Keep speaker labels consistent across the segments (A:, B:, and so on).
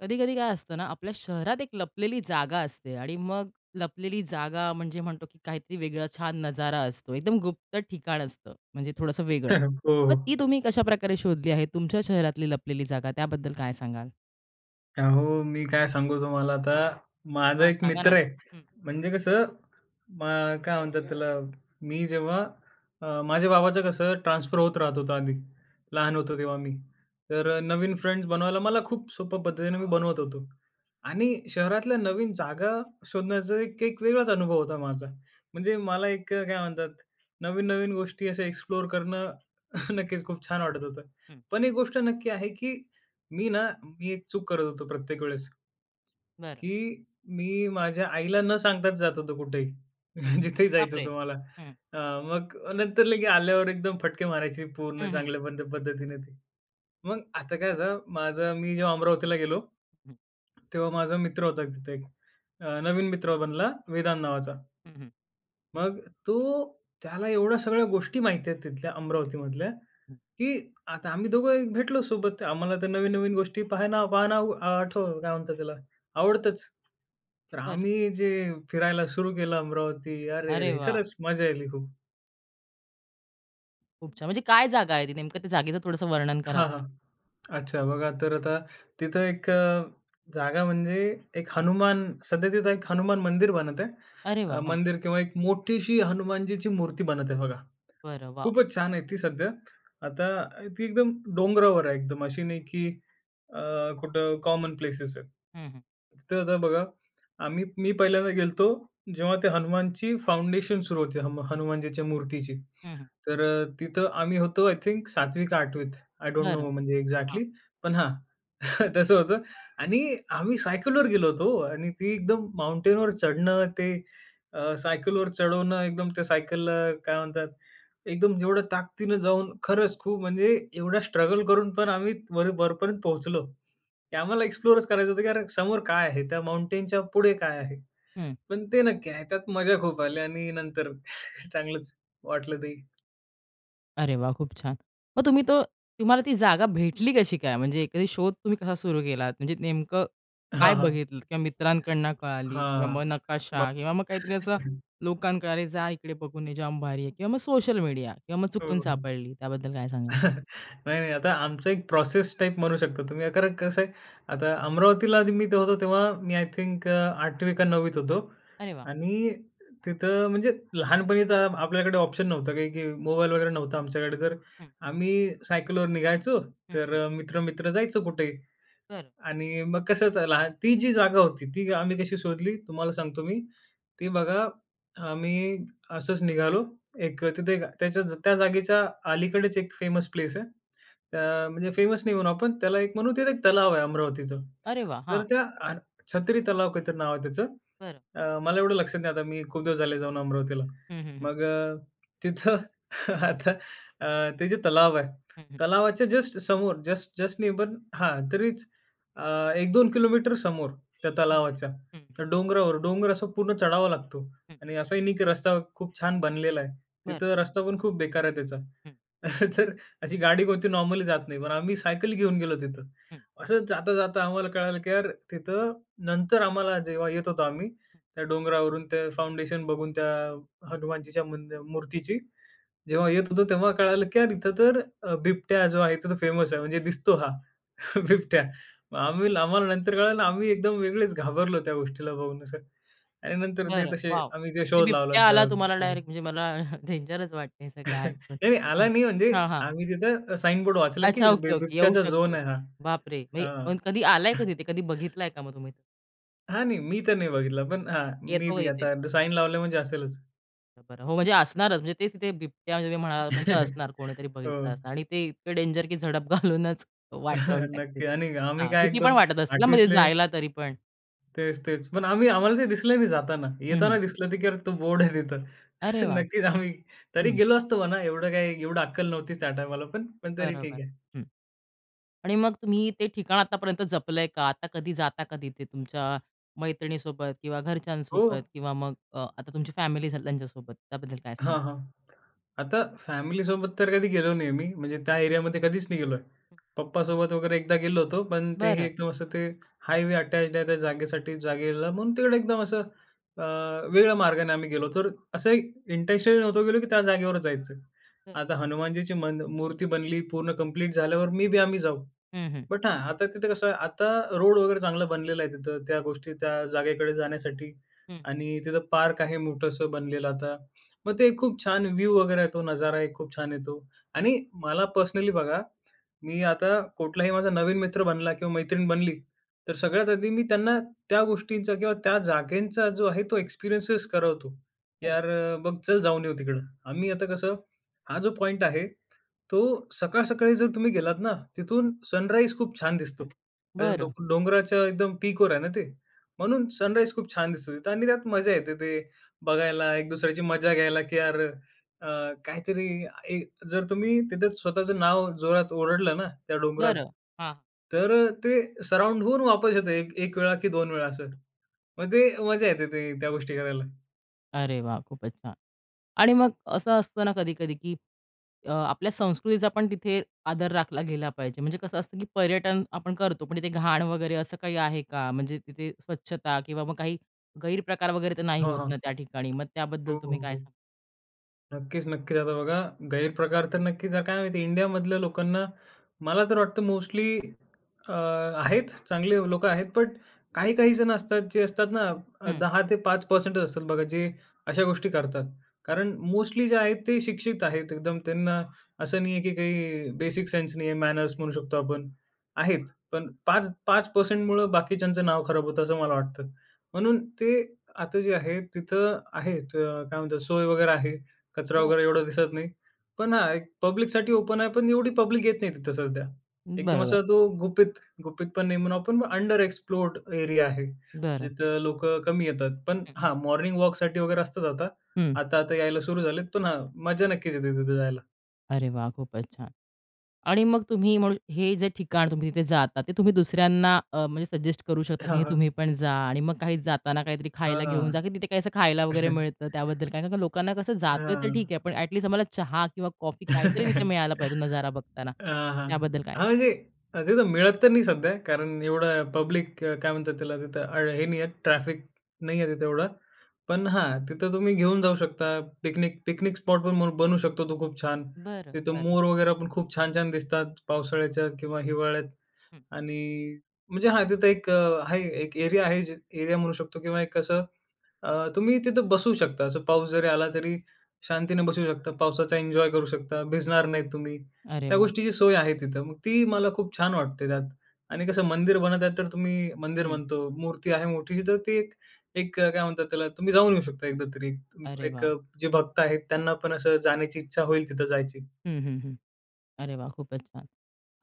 A: कधी-कधी काय असतं ना, आपल्या शहरात एक लपलेली जागा असते आणि मग लपलेली जागा म्हणजे म्हणतो, की काहीतरी वेगळं छान नजारा असतो. एकदम गुप्त ठिकाण असतं. म्हणजे थोडंसं वेगळं. मग ती
B: हो.
A: तुम्ही कशाप्रकारे शोधली आहे? तुमच्या शहरातली लपलेली जागा त्याबद्दल काय सांगाल?
B: अहो, मी काय सांगू तुम्हाला आता, माझा
A: हां,
B: एक
A: सांगा
B: मित्र
A: ना.
B: आहे.
A: हं.
B: म्हणजे कसं म काय म्हणतात त्याला मी जेव्हा अ, माझ्या बाबाचं कसं ट्रान्सफर होत राहत होतं आधी लहान होतो तेव्हा मी. तर नवीन फ्रेंड्स बनवायला मला खूप सोप्या पद्धतीने मी बनवत होतो. आणि शहरातल्या नवीन जागा शोधण्याचा एक एक वेगळाच अनुभव होता माझा. म्हणजे मला एक काय म्हणतात नवीन-नवीन गोष्टी अशा एक्सप्लोर करणं नक्कीच खूप छान वाटत होतं.
A: हं.
B: पण एक गोष्ट नक्की आहे, की मी ना मी एक चूक करत होतो प्रत्येक वेळेस.
A: बरं.
B: की मी माझ्या आईला न सांगताच जात होतो कुठेही.
A: हं.
B: जिथे जायचं
A: बापरे!
B: होतं मला.
A: हं.
B: मग नंतर लगेच आल्यावर एकदम फटके मारायची पूर्ण
A: हं, हं.
B: चांगल्या पद्धतीने ते. मग आता काय होतं माझं? मी जेव्हा अमरावतीला गेलो,
A: हं.
B: तेव्हा माझा मित्र होता तिथे एक नवीन मित्र बनला वेदान नावाचा.
A: हं, हं.
B: मग तो, त्याला एवढ्या सगळ्या गोष्टी माहिती आहेत तिथल्या अमरावती मधल्या
A: हं.
B: की आता आम्ही दोघंही भेटलो सोबत आम्हाला ते नवीन-नवीन गोष्टी पाहायना पाहना आठव काय म्हणतात त्याला आवडतंच. तर
A: बरं.
B: आम्ही जे फिरायला सुरू केलं अमरावती,
A: अरे
B: अरे-अरे!
A: वाह!
B: खरंच मजा आली खूप.
A: खूप छान म्हणजे काय जागा आहे ती नेमकं त्या जागेचं थोडंसं वर्णन कराल
B: हां,
A: का?
B: हां. अच्छा बघा तर आता तिथं एक अ, जागा म्हणजे एक हनुमान सध्या तिथं एक हनुमान मंदिर बनत आहे.
A: अरे वाह!
B: अ,
A: हं.
B: मंदिर किंवा एक मोठीशी हनुमानजीची मूर्ती बनत आहे बघा.
A: बरं. वॉव!
B: खूपच छान आहे ती सध्या. आता ती एकदम डोंगरावर आहे एकदम अशी नाही की अ, कुठं कॉमन प्लेसेस आहेत.
A: हं, हं.
B: तिथं आता बघा आम्ही मी पहिल्यांदा गेलो होतो जेव्हा ते हनुमानची फाउंडेशन सुरु होती हम हनुमानजीच्या मूर्तीची.
A: हं, हं.
B: तर अ, तिथं आम्ही होतो आय थिंक 7वी का 8वीत. आय डोंट नो
A: बरं.
B: म्हणजे
A: हां.
B: एक्झॅक्टली, पण हां तसं होतं. आणि आम्ही सायकलवर गेलो होतो आणि ती एकदम माउंटेनवर चढणं ते अ, सायकल वर चढवणं एकदम त्या सायकलला काय म्हणतात? एकदम एवढ्या ताकदीनं जाऊन खरंच खूप म्हणजे एवढा स्ट्रगल करून पण आम्ही वर वरपर्यंत पोहोचलो. की आम्हाला एक्सप्लोरच करायचं होतं की यार हे समोर काय आहे. त्या माउंटेनच्या पुढे काय आहे.
A: हं.
B: पण ते नक्की आहे. त्यात मजा खूप आली आणि नंतर चांगलंच वाटलं ते.
A: अरे वाह! खूप छान! मग तुम्ही तो तुम्हाला ती जागा भेटली कशी काय? म्हणजे एखादी शोध तुम्ही कसा सुरु केलात? म्हणजे नेमकं काय
B: हां, हां.
A: बघितलत किंवा मित्रांकडून कळाली किंवा
B: हां.
A: मग
B: बा
A: नकाशा किंवा मग काहीतरी असं लोकांनाकडे अरे जा इकडे बघून निजाम भारी आहे किंवा मग सोशल मीडिया किंवा मग
B: हो,
A: चुकून
B: हो.
A: सापडली त्याबद्दल काय सांगाल?
B: नाही, नाही आता आमचा एक प्रोसेस टाइप म्हणू शकता तुम्ही कारण कसं आहे. आता अमरावतीला मी होतो तेव्हा मी आय थिंक 8वी का 9वीत होतो.
A: अरे वाह!
B: आणि तिथं म्हणजे लहानपणीचा आपल्याकडे ऑप्शन नव्हतं काही, की मोबाईल वगैरे नव्हता आमच्याकडे तर
A: हं.
B: आम्ही सायकलवर निघायचो
A: हं, हं.
B: तर मित्र-मित्र जायचं कुठेही
A: बरं.
B: आणि मग कसं लहान ती जी जागा होती ती आम्ही कशी शोधली तुम्हाला सांगतो मी. ती बघा आम्ही असंच निघालो. एक तिथे त्याच्या त्या जागेच्या अलीकडेच एक फेमस प्लेस आहे. अ, म्हणजे फेमस नाही होऊन आपण त्याला एक म्हणून तिथे एक तलाव आहे अमरावतीचं.
A: अरे वाह!
B: तर
A: हां.
B: त्या अ छत्री तलाव काहीतरी नाव आहे त्याचं.
A: बरं.
B: अ, मला एवढं लक्षात नाही आता मी खूप दिवस झाले जाऊन अमरावतीला.
A: हं, हं, हं.
B: मग तिथं आता आह, ते जे तलाव आहे.
A: हं, हं.
B: तलावाच्या जस्ट समोर जस्ट जस्ट निब हां तरीच, अ, 1-2 किलोमीटर समोर त्या
A: हां.
B: तलावाच्या,
A: हं.
B: त्या डोंगरावर डोंगर असा पूर्ण चढावा लागतो.
A: हं.
B: आणि असाही नाही, की रस्ता खूप छान बनलेला आहे.
A: बरं.
B: तिथं रस्ता पण खूप बेकार आहे त्याचा
A: हं.
B: तर अशी गाडी कोणती नॉर्मली जात नाही पण आम्ही सायकल घेऊन गेलो तिथं.
A: हं.
B: असं जाता-जाता आम्हाला कळालं. की यार तिथं नंतर आम्हाला जेव्हा येत होतो आम्ही त्या डोंगरावरून ते फाउंडेशन बघून त्या हनुमानजीच्या मंदि मूर्तीची. जेव्हा येत होतो तेव्हा कळालं, की यार इथं तर बिबट्या जो आहे इथे फेमस आहे म्हणजे दिसतो हा बिबट्या. मग आम्ही आम्हाला नंतर कळालं आम्ही एकदम वेगळेच घाबरलो त्या गोष्टीला बघून असं. आणि नंतर ते
A: बरं,
B: तसे
A: वॉव!
B: आम्ही जे
A: म्हणजे
B: शोध लावला.
A: बिबट्या आला तुम्हाला डायरेक्ट म्हणजे मला डेंजरच वाटतंय हे सगळं ऐकून
B: नाही, नाही आला
A: [unintelligible]
B: नाही म्हणजे
A: हां, हां.
B: आम्ही तिथे अ, साइन बोर्ड वाचलं,
A: अच्छा,
B: की
A: ओके, ओके, येऊ
B: बिबट्याचा झोन
A: शकतो.
B: आहे हा.
A: बापरे!
B: अं.
A: म्हणजे कधी आलाय का तिथे? कधी बघितलाय का मग तुम्ही?
B: हां. नाही, मी तर नाही बघितला. पण हां मे
A: येतो
B: बी.
A: इथे.
B: आता साइन लावलं म्हणजे असेलच.
A: बरं. हो. म्हणजे असणारच म्हणजे तेच तिथे बिबट्या जे काही म्हणाला म्हणजे असणार कोणीतरी बघितलं
B: हो.
A: असणार आणि ते इतकं डेंजर की झडप घालूनच वाट लावून टाकतील.
B: नक्की आणि आम्ही
A: हां.
B: काय
A: भीती पण
B: एकदम
A: वाटत असेल ना
B: 8वी
A: म्हणजे
B: तले
A: जायला तरी पण?
B: तेच, तेच. पण आम्ही आम्हाला ते दिसलं नाही जाताना.
A: हं,
B: येताना
A: हं.
B: दिसलं की "अरे तो बोर्ड आहे तिथं."
A: अरे वाह!
B: नक्कीच आम्ही तरी
A: हं.
B: गेलो असतो म्हणा. एवढं काही एवढी अक्कल नव्हतीच त्या टाईमाला पण तरी
A: बरोबर.
B: ठीक आहे.
A: हं. आणि मग तुम्ही ते ठिकाण आतापर्यंत जपलंय का? आता कधी जाता कधी ते तुमच्या मैत्रिणीसोबत किंवा घरच्यांसोबत
B: हो.
A: किंवा मग अ, आता तुमची फॅमिली त्यांच्या सोबत, त्याबद्दल काय सांगाल?
B: हां, हां. आता फॅमिलीसोबत तर कधी गेलो नाही मी. म्हणजे त्या एरियामध्ये कधीच नाही गेलोय. पप्पासोबत वगैरे एकदा गेलो होतो. पण ते हे
A: बरं.
B: एकदम असं ते हायवे अटॅच्ड आहे त्या जागेसाठी जागेला म्हणून तिकडे एकदम असं अ, वेगळ्या मार्गाने आम्ही गेलो होतो. तर असंही इंटेंशनली नव्हतो गेलो, की त्या जागेवर जायचं.
A: हं.
B: आता हनुमानजीची मन मूर्ती बनली पूर्ण कंप्लीट झाल्यावर मे बी आम्ही जाऊ.
A: हं, हं.
B: बट हां, आता तिथं कसं आहे आता रोड वगैरे चांगला बनलेला आहे तिथं, त्या गोष्टी त्या जागेकडे जाण्यासाठी.
A: हं.
B: आणि तिथं पार्क आहे मोठंस बनलेलं आता. मग ते खूप छान व्ह्यू वगैरे आहे. तो नजारा एक खूप छान येतो. आणि मला पर्सनली बघा. मी आता कुठलाही माझा नवीन मित्र बनला किंवा मैत्रीण बनली तर सगळ्यात आधी मी त्यांना त्या गोष्टींचा किंवा त्या जागेंचा, जो आहे तो एक्सपिरियन्स करवतो.
A: तरी
B: "यार बघ, चल जाऊन येऊ तिकडं." आम्ही आता कसं हा जो पॉइंट आहे तो सकाळ सकाळी जर तुम्ही गेलात ना, तिथून सनराईज खूप छान दिसतो. आणि डों
A: बरं.
B: डोंगराच्या एकदम पीकवर आहे ना ते. म्हणून सनराईज खूप छान दिसतो तिथं. आणि त्यात मजा येते ते बघायला, एक दुसऱ्याची मजा घ्यायला की यार अ, काहीतरी एक अ, जर तुम्ही तिथं स्वतःचं नाव जोरात ओरडलं ना, त्या डोंगरात,
A: बरं. हां.
B: तर ते सराउंड होऊन वापस येतं एक 1 वेळा की 2 वेळा असं. मग ते मजा येते ते त्या गोष्टी करायला.
A: अरे वाह! खूपच छान. आणि मग असं असतं ना कधी-कधी, की अ, आपल्या संस्कृतीचा पण तिथे आदर राखला गेला पाहिजे. म्हणजे कसं असतं, की पर्यटन आपण करतो, पण तिथे घाण वगैरे असं काही आहे का? म्हणजे तिथे स्वच्छता किंवा मग काही गैरप्रकार वगैरे तर नाही
B: हां,
A: होत
B: हां.
A: ना, त्या ठिकाणी, मग त्याबद्दल
B: हो, हो,
A: तुम्ही काय
B: हो.
A: सांगाल?
B: नक्कीच, नक्कीच. आता बघा, गैरप्रकार तर नक्कीच काय माहिती इंडियामधल्या लोकांना मला तर वाटतं, मोस्टली अ, आहेत चांगले लोकं आहेत. बट काही-काही जण असतात जे असतात ना
A: हं.
B: 10-5% असतात बघा जे अशा गोष्टी करतात. कारण मोस्टली जे आहेत ते शिक्षित आहेत. एकदम त्यांना असं नाही आहे, की काही बेसिक सेन्स नाही आहे, मॅनर्स म्हणू शकतो आपण. आहेत. पण 5 5% मुळं बाकीच्यांचं नाव खराब होतं असं मला वाटतं. म्हणून ते आता जे आहे तिथं आहेत काय म्हणतात सोय वगैरे आहे. कचरा
A: बरं.
B: वगैरे एवढा दिसत नाही. पण हा एक पब्लिकसाठी ओपन आहे पण एवढी पब्लिक येत नाही तिथं सध्या. एकदम
A: बरोबर.
B: असा तो गुपित, गुपित पण नाही म्हणून आपण अंडर एक्सप्लोर्ड एरिया आहे.
A: बरं.
B: जिथं लोकं कमी येतात. पण
A: हं.
B: हां मॉर्निंग वॉकसाठी वगैरे असतात आता.
A: हं.
B: आता आता यायला सुरू झाले. पण हां मजा नक्कीच येते तिथे जायला.
A: अरे वाह! खूपच छान! आणि मग तुम्ही म्हणू हे जे ठिकाण तुम्ही तिथे जाता ते तुम्ही दुसऱ्यांना अ, म्हणजे सजेस्ट करू शकता की हे तुम्ही
B: हां.
A: पण जा आणि मग काही जाताना काहीतरी खायला घेऊन जा,
B: हां.
A: की तिथे काही असं खायला वगैरे मिळतं त्याबद्दल काय कारण लोकांना कसं जातोय तर
B: हां.
A: ठीक आहे. पण अट लिस्ट आम्हाला चहा किंवा कॉफी काहीतरी तिथे
B: अ,
A: मिळायला पाहिजे नजारा बघताना
B: हां, हां.
A: त्याबद्दल काय सांगाल?
B: म्हणजे तिथं मिळत तर नाही सध्या कारण एवढा पब्लिक काय म्हणतात त्याला? तिथं हे नाही आहे. ट्रॅफिक नाही आहे तिथं एवढं पण हां. तिथं तुम्ही घेऊन जाऊ शकता पिकनिक पिकनिक स्पॉटपण बनू शकतो तो खूप छान.
A: बरं,
B: तिथं
A: बरं.
B: मोर वगैरे पण खूप छान-छान दिसतात, पावसाळ्याच्या किंवा हिवाळ्यात.
A: हं.
B: आणि म्हणजे हां, तिथं एक आहे एक एरिया आहे. जे एरिया म्हणू शकतो किंवा एक कसं, अ, तुम्ही तिथं बसू शकता, असं पाऊस जरी आला तरी शांतीने बसू शकता. पावसाचा एन्जॉय करू शकता, भिजणार नाही तुम्ही
A: अरे
B: त्या
A: वाह!
B: गोष्टीची सोय आहे तिथं. मग ती मला खूप छान वाटते त्यात. आणि कसं मंदिर बनत आहेत तर तुम्ही मंदिर
A: हं.
B: म्हणतो. मूर्ती आहे मोठी तर ती एक, एक काय म्हणतात, त्याला तुम्ही जाऊन येऊ शकता एकदा तरी
A: अरे
B: एक
A: वाह!
B: जे भक्त आहेत त्यांना पण असं जाण्याची इच्छा होईल तिथं जायची.
A: हं, हं. हं. अरे वाह! खूपच छान!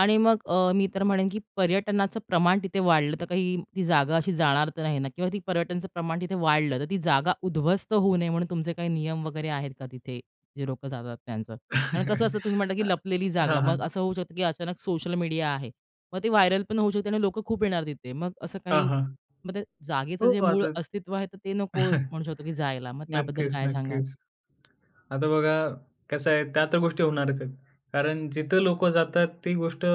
A: आणि मग अ, मी तर म्हणेन की पर्यटनाचं प्रमाण तिथे वाढलं तर काही ती जागा अशी जाणार तर नाही ना? किंवा ती पर्यटनाचं प्रमाण तिथे वाढलं तर ती जागा उध्वस्त होऊ नये म्हणून तुमचे काही नियम वगैरे आहेत का तिथे? जे लोकं जातात त्यांचं. कारण कसं असतं तुम्ही म्हंटला
B: अ,
A: की लपलेली जागा
B: हां,
A: मग असं
B: हां.
A: होऊ शकतं की अचानक सोशल मीडिया आहे मग ते व्हायरल पण होऊ शकते आणि लोकं खूप येणार तिथे मग असं
B: हां,
A: काही,
B: हां.
A: मग ते जागेचं
B: हो
A: जे मूळ
B: आता.
A: अस्तित्व आहे तर ते नको म्हणू शकतो की जायला, मग त्याबद्दल काय सांगाल?
B: नक्कीच-नक्कीच. आता बघा कसं आहे त्या तर गोष्टी होणारच आहेत. कारण जिथं लोकं जातात ती गोष्ट,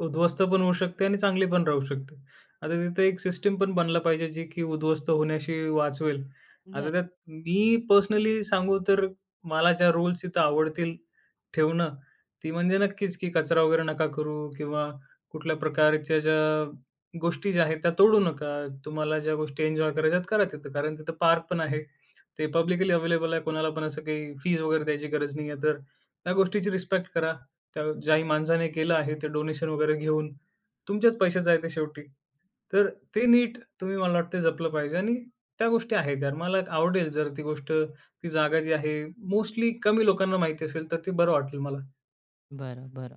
B: उध्वस्त पण होऊ शकते आणि चांगली पण राहू शकते. आता तिथं एक सिस्टमपण बनला पाहिजे जी की उध्वस्त होण्याशी वाचवेल.
A: बरं.
B: आता त्यात मी पर्सनली सांगू तर, मला ज्या रूल्स इथं आवडतील ठेवणं, ती म्हणजे नक्कीच की कचरा वगैरे नका करू किंवा कुठल्या प्रकारच्या ज्या गोष्टी ज्या आहेत त्या तोडू नका. तुम्हाला ज्या गोष्टी एन्जॉय करायच्यात करा तिथं. कारण तिथं पार्कपण आहे. ते पब्लिकली अवेलेबल आहे. कुणालापण असं काही फीस वगैरे द्यायची गरज नाही आहे तर ह्या गोष्टीची रिस्पेक्ट करा. त्या ज्याही माणसाने केलं आहे ते डोनेशन वगैरे घेऊन, तुमचेच पैसे जायचे शेवटी. तर ते नीट तुम्ही मला वाटत जपलं पाहिजे आणि त्या गोष्टी आहेत त्या मला आवडेल, जर ती गोष्ट, ती जागा जी आहे मोस्टली कमी लोकांना माहिती असेल तर ते बरं वाटेल मला.
A: बरं, बरं.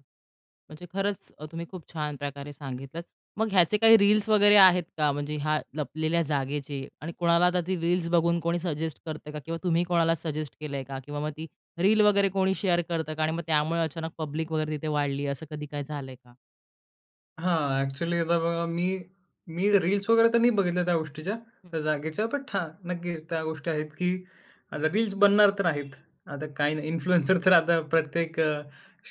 A: म्हणजे खरंच अ, तुम्ही खूप छान प्रकारे सांगितलं मग ह्याचे काही रील्स वगैरे आहेत का? म्हणजे ह्या लपलेल्या जागेचे. आणि कोणाला आता ती रील्स बघून कोणी सजेस्ट करतंय का? किंवा तुम्ही कोणाला सजेस्ट केलंय का? किंवा मग ती रील वगैरे कोणी शेअर करतं का? आणि मग त्यामुळे अचानक पब्लिक वगैरे तिथे वाढली. असं कधी काय झालंय का?
B: हां. ॲक्च्युअली आता बघा मी मी रील्स वगैरे तर नाही बघितल्या त्या गोष्टीच्या, त्या जागेच्या. बट हां, नक्कीचं. त्या गोष्टी आहेत. की आता रील्स बनणार तर आहेत. आता काही नाही इन्फ्लुएन्सर तर आता इन्फ्लुएन्सर तर आता प्रत्येक अ,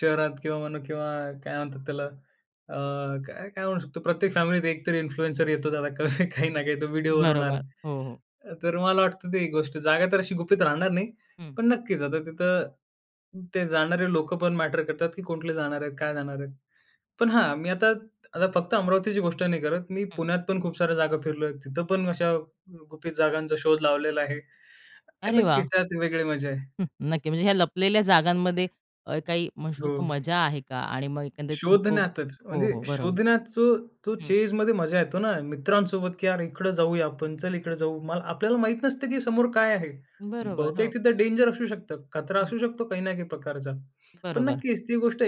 B: शहरात किंवा म्हणू किंवा काय म्हणतात त्याला? अ, काय-काय म्हणू शकतो? प्रत्येक फॅमिलीत एक तरी इन्फ्लुएन्सर येतोच आता. काही ना काही तो व्हिडिओ बनवणार.
A: बरोबर. हो, हो.
B: अ, तर मला वाटतं ती एक गोष्ट; जागा तर अशी गुपित राहणार नाही.
A: हं.
B: पण नक्कीचं आता तिथं ते जाणारे लोकं पण मॅटर करतात की कुठले जाणार आहेत? काय जाणार आहे? पण हां मी आता आता फक्त अमरावतीची गोष्ट नाही करत. मी
A: हं.
B: पुण्यात पण खूप साऱ्या जागा फिरलो आहे. तिथं पण अशा गुपित जागांचा शोध लावलेला आहे आणि
A: अरे
B: नक्कीच,
A: वाह!
B: त्यात वेगळी मजा आहे.
A: हं. नक्की म्हणजे ह्या लपलेल्या जागांमध्ये अ, काही म्हणू शकतो
B: हो.
A: मजा आहे का? आणि मग एकंदरीत हो,
B: शोधण्यातचं.
A: हो,
B: म्हणजे
A: हो बरोबर.
B: शोधण्याचं तो
A: हं.
B: चेजमध्ये मजा येतो ना मित्रांसोबत की यार इकडं जाऊया आपण. चल इकडं जाऊ. मला आपल्याला माहीत नसतं की समोर काय आहे?
A: बरोबर, हो.
B: बहुतेक तिथं डेंजर असू शकतं. खतरा
A: हं.
B: असू शकतो काही ना काही प्रकारचा. पण
A: बरोबर.
B: नक्कीच ती गोष्ट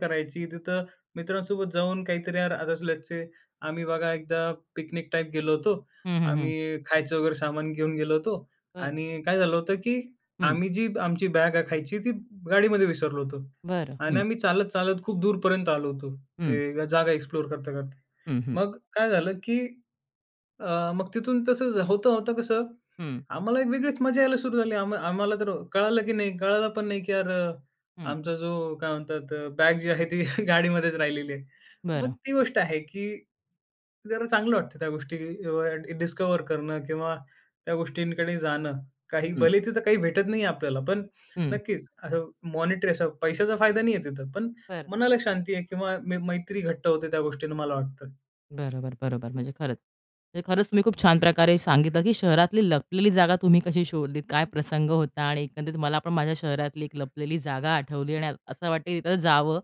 B: करायची. तिथं मित्रांसोबत जाऊन काहीतरी यार आदत असल्याचे. आम्ही बघा एकदा पिकनिक टाइप गेलो होतो.
A: हं, हं, हं.
B: आम्ही खायचं वगैरे सामान घेऊन गेलो होतो
A: बरं.
B: आणि काय झालं होतं की?
A: हं.
B: आम्ही जी आमची बॅग आहे खायची. ती गाडीमध्ये विसरलो होतो
A: बरं,
B: आणि
A: हं.
B: आम्ही चालत-चालत खूप दूरपर्यंत आलो होतो.
A: हं.
B: ते जागा एक्सप्लोर करता-करता.
A: हं, हं.
B: मग काय झालं की? अ, मग तिथून तसं होता-होता कसं
A: हं.
B: आम्हाला एक वेगळीच मजा यायला सुरू झाली. आम्हा आम्हाला तर कळालं की नाही, कळालं पण नाही की यार
A: हं.
B: आमचा जो काय म्हणतात? बॅग जी आहे ती गाडीमध्येच राहिलेली आहे. मग
A: बरं.
B: ती गोष्ट आहे, की जरा चांगलं वाटतं त्या गोष्टी एवढ्या डिस्कव्हर करणं किंवा त्या गोष्टींकडे जाणं. काही
A: हं.
B: भले तिथं काही भेटत नाही आहे आपल्याला. पण
A: हं.
B: नक्कीच असं मॉनिटरी असं पैशाचा फायदा नाही आहे तिथं. पण
A: तर
B: मनाला शांती आहे किंवा मै मैत्री घट्ट होते त्या गोष्टीन मला वाटतं.
A: बरोबर, बरोबर. म्हणजे खरंच, म्हणजे खरंच तुम्ही खूप छान प्रकारे सांगितलं की शहरातली लपलेली जागा तुम्ही कशी शोधलीत? काय प्रसंग होता? आणि एकंदरीत मला पण माझ्या शहरातली एक लपलेली जागा आठवली आणि असं वाटतं आहे तिथं जावं.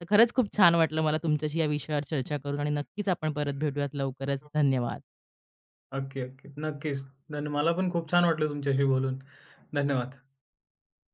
A: तर खरंच खूप छान वाटलं मला तुमच्याशी या विषयावर चर्चा करून आणि नक्कीचं आपण परत भेटूयात लवकरच. धन्यवाद!
B: नक्की, नक्की. नक्कीचं. धन मला पण खूप छान वाटलं तुमच्याशी बोलून. धन्यवाद!